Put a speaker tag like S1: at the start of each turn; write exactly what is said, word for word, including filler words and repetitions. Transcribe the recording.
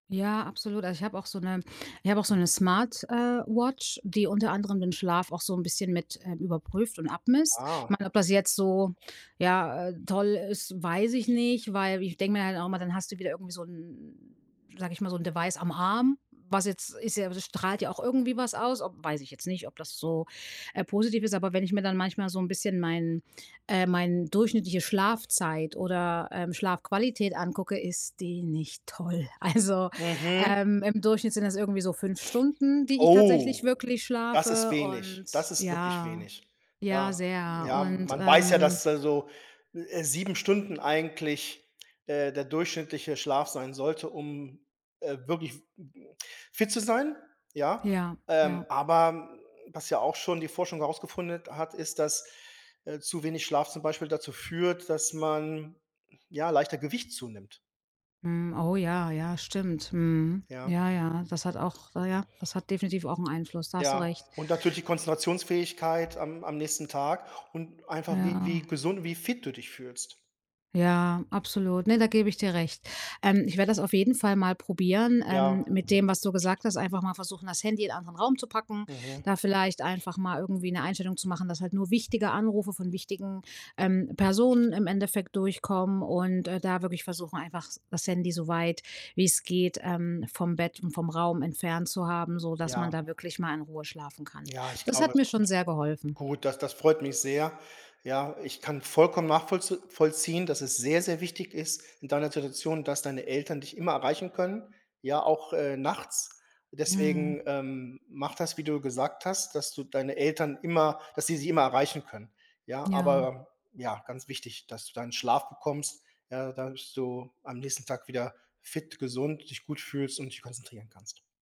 S1: Ja, absolut. Also ich habe auch so 'ne ich habe auch so 'ne Smart, äh, Watch, die unter anderem den Schlaf auch so 'n bisschen mit, ähm, überprüft und abmisst. Ich
S2: Ah.
S1: meine, ob das jetzt so, ja, äh, toll ist, weiß ich nicht. Weil ich denke mir halt auch immer, dann hast du wieder irgendwie so 'n 'n, sage ich mal, so 'n Device am Arm, was jetzt ist ja das strahlt ja auch irgendwie was aus, ob weiß ich jetzt nicht, ob das so, äh, positiv ist. Aber wenn ich mir dann manchmal so 'n bisschen mein äh, mein durchschnittliche Schlafzeit oder, ähm, Schlafqualität angucke, ist die nicht toll. Also,
S2: Mhm.
S1: ähm, im Durchschnitt sind das irgendwie so fünf Stunden, die ich tatsächlich
S2: Oh,
S1: wirklich
S2: das ist
S1: schlafe. Und
S2: wenig, das ist wirklich
S1: ja,
S2: wenig.
S1: ja,
S2: Ja.
S1: sehr.
S2: Ja,
S1: Und,
S2: man weiß ja,
S1: ähm
S2: dass da so, äh, sieben Stunden eigentlich, äh, der durchschnittliche Schlaf sein sollte, um, äh, wirklich m m fit zu sein, ja,
S1: Ja,
S2: ähm,
S1: ja.
S2: aber, hm, was ja auch schon die Forschung herausgefunden hat, ist, dass, äh, zu wenig Schlaf zum Beispiel dazu führt, dass man ja leichter Gewicht zunimmt.
S1: Hm. Oh ja, ja, stimmt. Mhm.
S2: Ja.
S1: Ja, ja, das hat auch na ja, das hat definitiv auch 'n Einfluss. Da hast du
S2: Ja,
S1: recht.
S2: und natürlich die Konzentrationsfähigkeit am am nächsten Tag und einfach wie wie
S1: Ja.
S2: gesund und wie fit du dich fühlst.
S1: Ja, absolut. Ne, da gebe ich dir recht. Ähm, ich werde das auf jeden Fall mal probieren,
S2: Ja.
S1: ähm, mit dem, was du gesagt hast, einfach mal versuchen, das Handy in 'n anderen Raum zu packen,
S2: Mhm.
S1: da vielleicht einfach mal irgendwie 'ne Einstellung zu machen, dass halt nur wichtige Anrufe von wichtigen, ähm, Personen im Endeffekt durchkommen und, äh, da wirklich versuchen, einfach das Handy so weit wie's geht, ähm, vom Bett und vom Raum entfernt zu haben, so dass man
S2: Ja.
S1: da wirklich mal in Ruhe schlafen kann.
S2: Ja, ich
S1: Das
S2: glaube
S1: hat mir
S2: schon.
S1: schon sehr geholfen.
S2: Gut, das das freut mich sehr. Ja, ich kann vollkommen nachvollz vollziehen, dass es sehr, sehr wichtig ist in deiner Situation, dass deine Eltern dich immer erreichen können, ja, auch, äh, nachts.
S1: Mhm.
S2: Deswegen, ähm, mache das, wie du gesagt hast, dass du deine Eltern immer dass sie dich immer erreichen können. Ja,
S1: Ja.
S2: aber ja, ganz wichtig, dass du deinen Schlaf bekommst, äh, dass du am nächsten Tag wieder fit, gesund, dich gut fühlst und dich konzentrieren kannst.